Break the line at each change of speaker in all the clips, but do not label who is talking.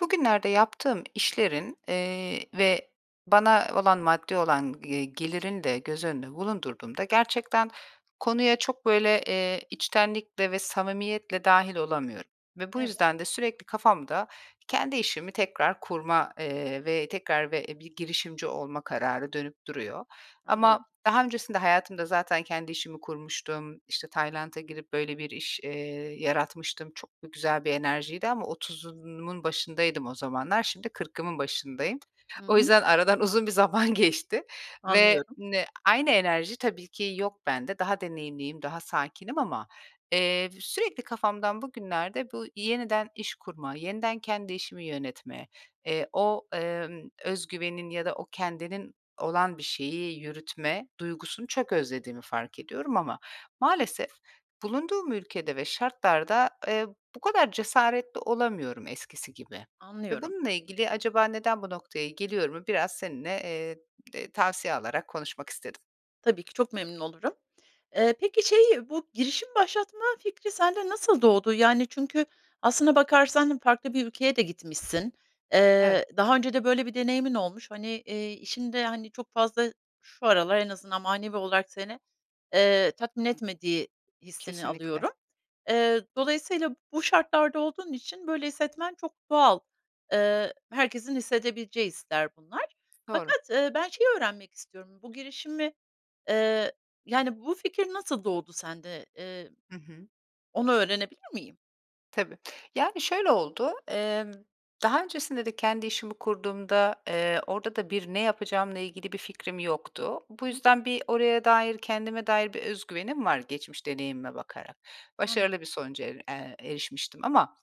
Bugünlerde yaptığım işlerin, eee, ve bana olan maddi olan, eee, gelirini de göz önünde bulundurduğumda gerçekten konuya çok, böyle, eee, içtenlikle ve samimiyetle dâhil olamıyorum ve bu
Evet.
yüzden de sürekli kafamda kendi işimi tekrar kurma, eee, ve tekrar ve bir girişimci olma kararı dönüp duruyor.
Anlıyorum.
Ama daha öncesinde hayatımda zaten kendi işimi kurmuştum. İşte, Tayland’a girip böyle bir iş, eee, yaratmıştım. Çok b güzel bir enerjiydi ama 30’umun başındaydım o zamanlar. Şimdi 40’ımın başındayım.
Hı
O
hı.
yüzden aradan uzun bir zaman geçti ve
Anlıyorum.
ne aynı enerji tabii ki yok bende. Daha deneyimliyim, daha sakinim ama, eee, sürekli kafamdan bugünlerde bu yeniden iş kurma, yeniden kendi işimi yönetme, eee, o, emm, öz güvenin ya da o kendinin olan bir şeyi yürütme duygusunu çok özlediğimi fark ediyorum ama maalesef bulunduğum ülkede ve şartlarda, eee, bu kadar cesaretli olamıyorum eskisi gibi ve
Anlıyorum.
bununla ilgili, “Acaba neden bu noktaya geliyorum?”u biraz seninle, eee, tavsiye alarak konuşmak istedim.
Tabii ki, çok memnun olurum. Eee, peki, şeyi, bu girişim başlatma fikri sende nasıl doğdu? Yani, çünkü aslına bakarsan farklı bir ülkeye de gitmişsin,
Evet.
eee, daha önce de böyle bir deneyimin olmuş, hani, eee, işinde, hani, çok fazla şu aralar en azından manevi olarak seni, eee, tatmin etmediği hissini
Kesinlikle.
alıyorum. Eee, dolayısıyla bu şartlarda olduğun için böyle hissetmen çok doğal. Eee, herkesin hissedebileceği hisler bunlar.
Doğru.
Fakat, ııı, ben şeyi öğrenmek istiyorum: Bu girişimi, eee, yani, bu fikir nasıl doğdu sende? Eee,
Hı hı.
onu öğrenebilir miyim?
Tabii. Yani, şöyle oldu: Emm, daha öncesinde de kendi işimi kurduğumda, eee, orada da bir ne yapacağımla ilgili bir fikrim yoktu. Bu
Hı hı.
yüzden bir oraya dair, kendime dair bir öz güvenim var geçmiş deneyimime bakarak.
Anladım.
Başarılı bir sonuca er eee, erişmiştim ama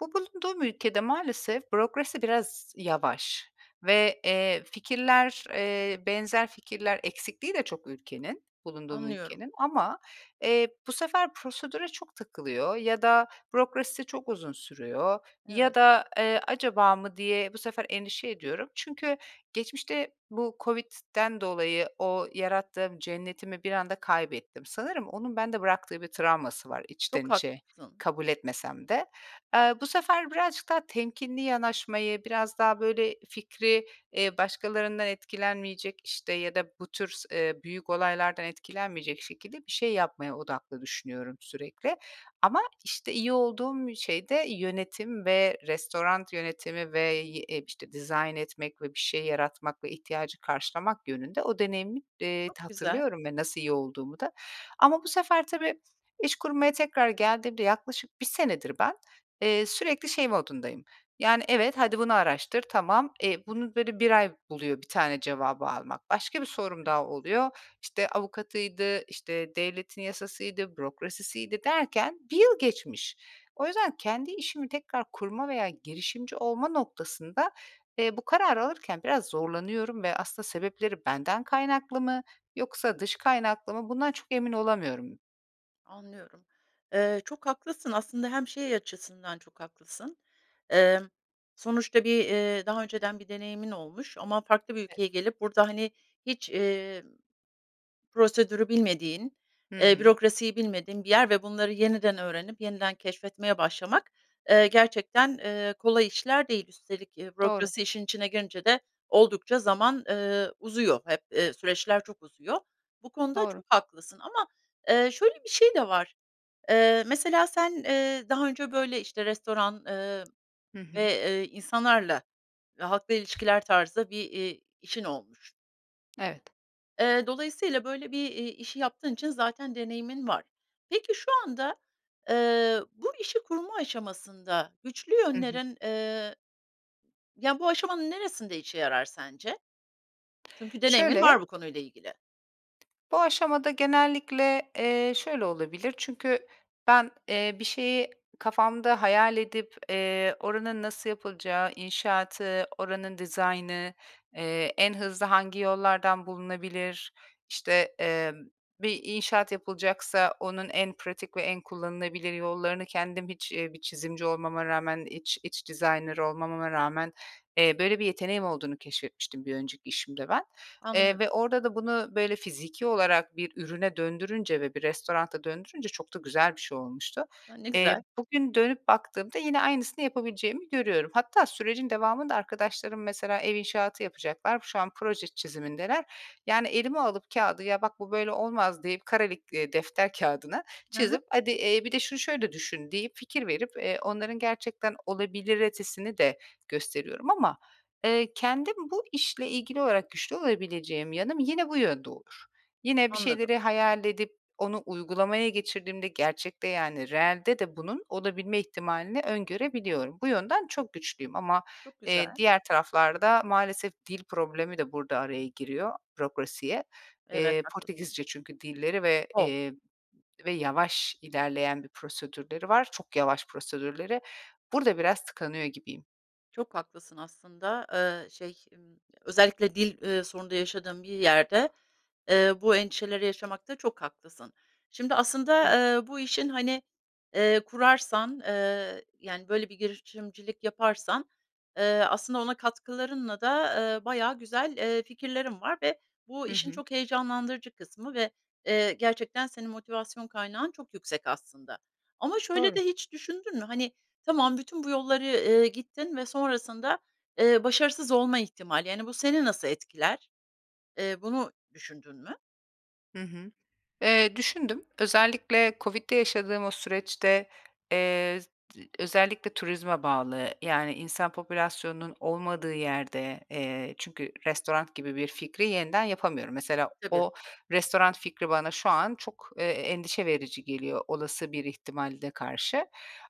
bu bulunduğum ülkede maalesef bürokrasi biraz yavaş; ve, eee, fikirler, eee, benzer fikirler eksikliği de çok ülkenin, bulunduğum
Anlıyorum.
ülkenin. Ama, eee, bu sefer prosedüre çok takılıyor ya da bürokrasisi çok uzun sürüyor. Ya
Evet.
da, eee, "Acaba mı?" diye bu sefer endişe ediyorum. Çünkü geçmişte bu Covid'den dolayı o yarattığım cennetimi bir anda kaybettim. Sanırım onun bende bıraktığı bir travması var içten
Çok
içe
haklısın.
kabul etmesem de. Eee, bu sefer birazcık daha temkinli yanaşmayı, biraz daha, böyle, fikri, eee, başkalarından etkilenmeyecek, işte, ya da bu tür s eee, büyük olaylardan etkilenmeyecek şekilde bir şey yapmaya odaklı düşünüyorum sürekli. Ama, işte, iyi olduğum şey de yönetim ve restoran yönetimi ve y eee, işte, dizayn etmek ve bir şey yaratmak ve ihtiyacı karşılamak yönünde o deneyimi, eee,
Çok güzel.
hatırlıyorum ve nasıl iyi olduğumu da. Ama bu sefer, tabii iş kurmaya tekrar geldiğimde yaklaşık 1 senedir ben, eee, sürekli şey modundayım: Yani, "Evet, hadi bunu araştır. Tamam." E, bunu, böyle, 1 ay buluyor bir tane cevabı almak. Başka bir sorum daha
Evet.
oluyor. İşte, avukatıydı, işte, devletin yasasıydı, bürokrasisiydi derken 1 yıl geçmiş. O yüzden kendi işimi tekrar kurma veya girişimci olma noktasında, eee, bu kararı alırken biraz zorlanıyorum ve aslında sebepleri benden kaynaklı mı yoksa dış kaynaklı mı bundan çok emin olamıyorum.
Anlıyorum. Eee, çok haklısın aslında hem, şey, açısından çok haklısın. Eee, sonuçta bir, eee, daha önceden bir deneyimin olmuş ama farklı bir ülkeye
[unintelligible]
gelip, burada, hani, hiç, emm. Prosedürü bilmediğin,
Hı
eee,
hı.
bürokrasiyi bilmediğin bir yer ve bunları yeniden öğrenip, yeniden keşfetmeye başlamak, eee, gerçekten, eee, kolay işler değil. Üstelik, eee,
Doğru.
bürokrasi işin içine girince de oldukça zaman, eee, uzuyor hep, eee, süreçler çok uzuyor. Bu konuda
Doğru.
çok haklısın ama, eee, şöyle, bir şey de var: Eee, mesela sen, eee, daha önce, böyle, işte, restoran, eee,
Hı
ve,
hı.
eee, insanlarla halkla ilişkiler tarzda bir, eee, işin olmuş.
Evet.
Eee, dolayısıyla, böyle, bir, eee, işi yaptığın için zaten deneyimin var. Peki, şu anda, eee, bu işi kurma aşamasında güçlü
Hı hı.
yönlerin, eee, ya, bu aşamanın neresinde işe yarar sence? Çünkü deneyimin
Şöyle
var bu konuyla ilgili.
Bu aşamada genellikle, eee, şöyle, olabilir. Çünkü ben, eee, bir şeyi kafamda hayal edip, eee, oranın nasıl yapılacağı, inşaatı, oranın dizaynı, eee, en hızlı hangi yollardan bulunabilir. İşte, eee, bir inşaat yapılacaksa onun en pratik ve en kullanılabilir yollarını, kendim hiç, eee, bir çizimci olmama rağmen, iç iç designer olmamama rağmen, eee, böyle, bir yeteneğim olduğunu keşfetmiştim bir önceki işimde ben. Eee,
Anlıyorum.
ve orada da bunu, böyle, fiziki olarak bir ürüne döndürünce ve bir restorana döndürünce çok da güzel bir şey olmuştu.
A, ne
Eee,
güzel.
bugün dönüp baktığımda yine aynısını yapabileceğimi görüyorum. Hatta sürecin devamında arkadaşlarım, mesela, ev inşaatı yapacaklar. Şu an proje çizimindeler. Yani, elime alıp kağıdı: "Ya, bak bu, böyle, olmaz." deyip, kareli, eee, defter kağıdına
Hı hı.
çizip, "Hadi, eee, bir de şunu, şöyle, düşün." deyip, fikir verip eee, onların gerçekten olabiliretesini de gösteriyorum ama. Eee, kendim bu işle ilgili olarak güçlü olabileceğim yanım, yine bu yönde olur. Yine bir
Anladım.
şeyleri hayal edip onu uygulamaya geçirdiğimde gerçekte, yani, reelde de bunun olabilme ihtimalini öngörebiliyorum. Bu yönden çok güçlüyüm. Ama,
Çok
eee,
güzel.
diğer taraflarda maalesef dil problemi de burada araya giriyor, bürokrasiye.
Evet,
Eee,
haklısın.
Portekizce çünkü dilleri ve, ımm,
O!
eee, ve yavaş ilerleyen bir prosedürleri var. Çok yavaş prosedürleri. Burada biraz tıkanıyor gibiyim.
Çok haklısın aslında. Iıı, şey, ımm, özellikle dil, eee, sorunu da yaşadığın bir yerde, eee, bu endişeleri yaşamakta çok haklısın. Şimdi aslında,
Evet.
eee, bu işin, hani, eee, kurarsan, eee, yani, böyle bir girişimcilik yaparsan, eee, aslında ona katkılarınla da, eee, bayağı güzel, eee, fikirlerin var ve bu
Hı
işin
hı.
çok heyecanlandırıcı kısmı ve, eee, gerçekten senin motivasyon kaynağın çok yüksek aslında. Ama şöyle
Doğru.
de hiç düşündün mü? Hani, tamam, bütün bu yolları, eee, gittin ve sonrasında, eee, başarısız olma ihtimali, yani, bu seni nasıl etkiler? Eee, bunu düşündün mü?
Hı hı. Eee, düşündüm. Özellikle Covid'de yaşadığım o süreçte, eee, özellikle turizme bağlı, yani, insan popülasyonunun olmadığı yerde, eee, çünkü restoran gibi bir fikri yeniden yapamıyorum. Mesela,
Tabii.
o restoran fikri bana şu an çok, eee, endişe verici geliyor olası bir ihtimalde karşı.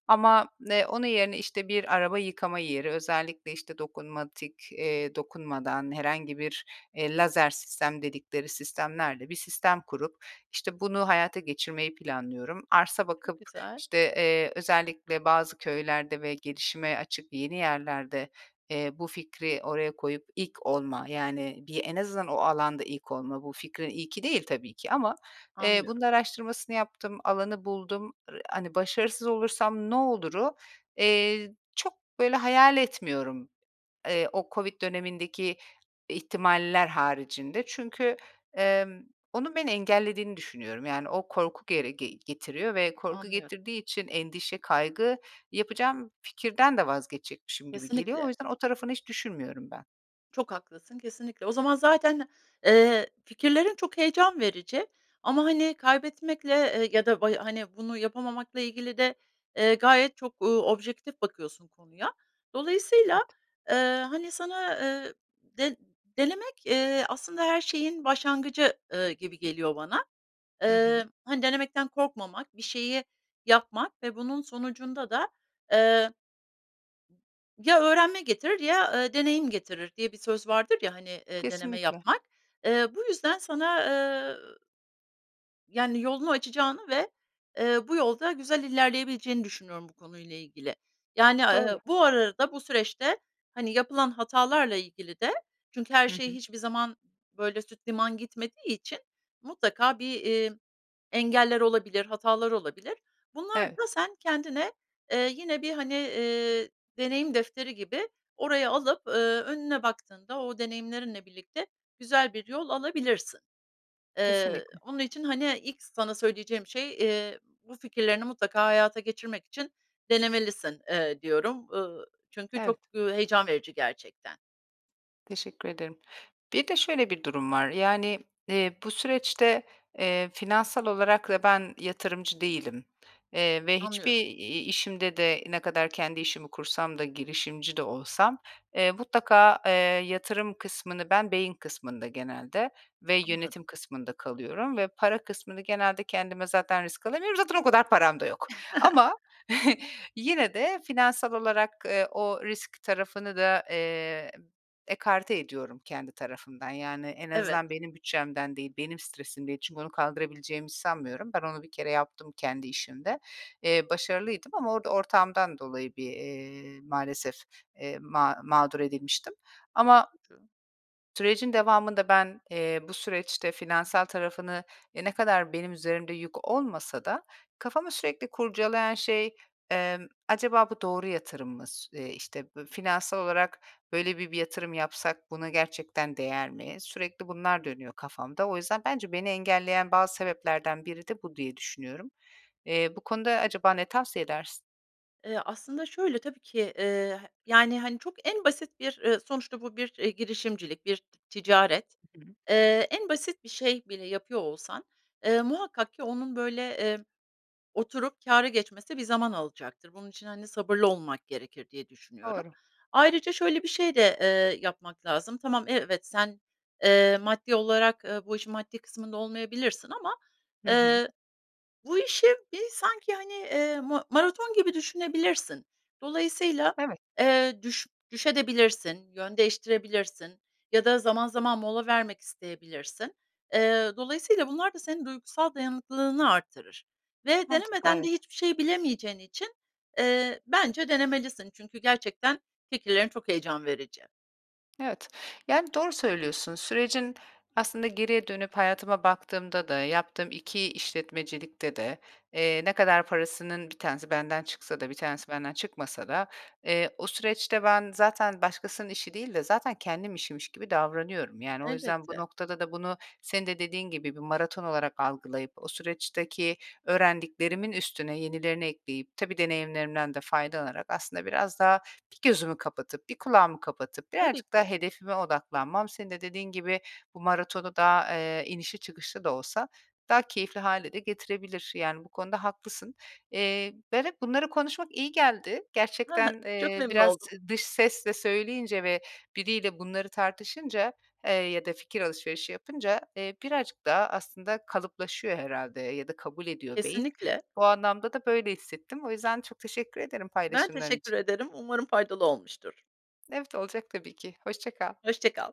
Ama, eee, onun yerine, işte, bir araba yıkama yeri, özellikle, işte, eee, dokunmatik, dokunmadan, herhangi bir, eee, lazer sistem dedikleri sistemlerle bir sistem kurup, işte, bunu hayata geçirmeyi planlıyorum. Arsa
Çok
bakıp,
güzel.
işte, eee, özellikle bazı köylerde ve gelişime açık yeni yerlerde, eee, bu fikri oraya koyup ilk olma, yani, bir en azından o alanda ilk olma, bu fikrin ilki değil tabii ki ama, eee, bunun
Anlıyorum.
araştırmasını yaptım, alanı buldum. R hani, "Başarısız olursam ne olur?"u, eee, çok böyle hayal etmiyorum, eee, o Covid dönemindeki ihtimaller haricinde. Çünkü, emm, onun beni engellediğini düşünüyorum. Yani, o korku gere ge getiriyor ve korku
Anlıyorum.
getirdiği için endişe, kaygı yapacağım fikirden de vazgeçecekmişim gibi geliyor. O
Kesinlikle.
yüzden o tarafını hiç düşünmüyorum ben.
Çok haklısın, kesinlikle. O zaman zaten, eee, fikirlerin çok heyecan verici ama, hani, kaybetmekle, eee, ya da bay hani, bunu yapamamakla ilgili de, eee, gayet çok, uuu, objektif bakıyorsun konuya. Dolayısıyla,
Evet.
eee, hani, sana, eee, de denemek, eee, aslında her şeyin başlangıcı, ııı, gibi geliyor bana.
Hı hı.
Iıı, hani, denemekten korkmamak, bir şeyi yapmak ve bunun sonucunda da, eee, “Ya öğrenme getirir ya, ııı, deneyim getirir” diye bir söz vardır ya, hani, eee, deneme
Kesinlikle.
yapmak. Eee, bu yüzden sana, eee yani, yolunu açacağını ve, eee, bu yolda güzel ilerleyebileceğini düşünüyorum bu konuyla ilgili. Yani, a
Doğru.
ııı, bu arada bu süreçte, hani, yapılan hatalarla ilgili de, çünkü her
Hı
şey
hı.
hiçbir zaman böyle süt liman gitmediği için mutlaka bir, eee, engeller olabilir, hatalar olabilir. Bunlar
Evet.
da sen kendine, eee, yine bir, hani, eee, deneyim defteri gibi oraya alıp, ııı, önüne baktığında o deneyimlerinle birlikte güzel bir yol alabilirsin. Eee,
Kesinlikle.
onun için, hani, ilk sana söyleyeceğim şey, eee, bu fikirlerini mutlaka hayata geçirmek için denemelisin, eee, diyorum, ııı, çünkü çok,
Evet.
ııı, heyecan verici gerçekten.
Teşekkür ederim. Bir de şöyle bir durum var: Yani, eee, bu süreçte, eee, finansal olarak da ben yatırımcı değilim, eee, ve hiçbir
Anlıyorum.
i işimde de, ne kadar kendi işimi kursam da, girişimci de olsam, eee, mutlaka, eee, yatırım kısmını ben beyin kısmında genelde ve yönetim
Anladım.
kısmında kalıyorum ve para kısmını genelde kendime zaten risk alamıyorum. Zaten o kadar param da yok. Ama yine de finansal olarak, eee, o risk tarafını da, eee, ekarte ediyorum kendi tarafımdan. Yani, en
Evet.
azından benim bütçemden değil, benim stresim değil. Çünkü onu kaldırabileceğimi sanmıyorum. Ben onu bir kere yaptım kendi işimde. Eee, başarılıydım ama orada ortağımdan dolayı bir, eee, maalesef, eee, ma mağdur edilmiştim.
Çok
Ama
üzücü.
sürecin devamında ben, eee, bu süreçte finansal tarafını, e, ne kadar benim üzerimde yük olmasa da kafamı sürekli kurcalayan şey: Emm, acaba bu doğru yatırım mı? Su eee, işte, bö finansal olarak böyle bi bir yatırım yapsak buna gerçekten değer mi? Sürekli bunlar dönüyor kafamda. O yüzden bence beni engelleyen bazı sebeplerden biri de bu diye düşünüyorum. Eee, bu konuda acaba ne tavsiye edersin?
Eee, aslında, şöyle: Tabii ki, eee, ha yani, hani, çok en basit bir, eee, sonuçta bu bir, eee, girişimcilik, bir ticaret.
Hı hı.
Eee, en basit bir şey bile yapıyor olsan, eee, muhakkak ki onun, böyle, eee, oturup kâra geçmesi bir zaman alacaktır. Bunun için, hani, sabırlı olmak gerekir diye düşünüyorum.
Doğru.
Ayrıca şöyle bir şey de, eee, yapmak lazım: Tamam, evet, sen, eee, maddi olarak, eee, bu işin maddi kısmında olmayabilirsin ama,
Hı hı.
eee, bu işi, bir, sanki, hani, eee, ma maraton gibi düşünebilirsin. Dolayısıyla,
Evet.
eee, düş düşebilirsin de, yön değiştirebilirsin ya da zaman zaman mola vermek isteyebilirsin. Eee, dolayısıyla bunlar da senin duygusal dayanıklılığını artırır ve
Mantıklı,
denemeden de
evet.
hiçbir şeyi bilemeyeceğin için, eee, bence denemelisin çünkü gerçekten fikirlerin çok heyecan verici.
Evet, yani, doğru söylüyorsun. Sürecin, aslında geriye dönüp hayatıma baktığımda da, yaptığım 2 işletmecilikte de, eee, ne kadar parasının 1 tanesi benden çıksa da 1 tanesi benden çıkmasa da, eee, o süreçte ben zaten başkasının işi değil de zaten kendi işimmiş gibi davranıyorum. Yani, o yüzden bu
Elbette.
noktada da bunu, senin de dediğin gibi bir maraton olarak algılayıp; o süreçteki öğrendiklerimin üstüne yenilerini ekleyip, tabii deneyimlerimden de faydalanarak, aslında biraz daha 1 gözümü kapatıp, 1 kulağımı kapatıp
Tabii
birazcık daha
ki.
hedefime odaklanmam senin de dediğin gibi, bu maratonu da, eee, inişli çıkışlı da olsa daha keyifli hâle de getirebilir. Yani bu konuda haklısın. Eee, ben hep, bunları konuşmak iyi geldi.
Ha ha.
Gerçekten,
Çok
eee,
memnun
biraz
oldum.
z dış sesle söyleyince ve biriyle bunları tartışınca, eee, ya da fikir alışverişi yapınca, eee, birazcık daha aslında kalıplaşıyor herhâlde ya da kabul ediyor beyin.
Kesinlikle.
Bu anlamda da böyle hissettim. O yüzden çok teşekkür ederim
Ben
paylaşımların
teşekkür
için.
ederim, umarım faydalı olmuştur.
Evet, olacak tabii ki. Hoşça kal.
Hoşça kal.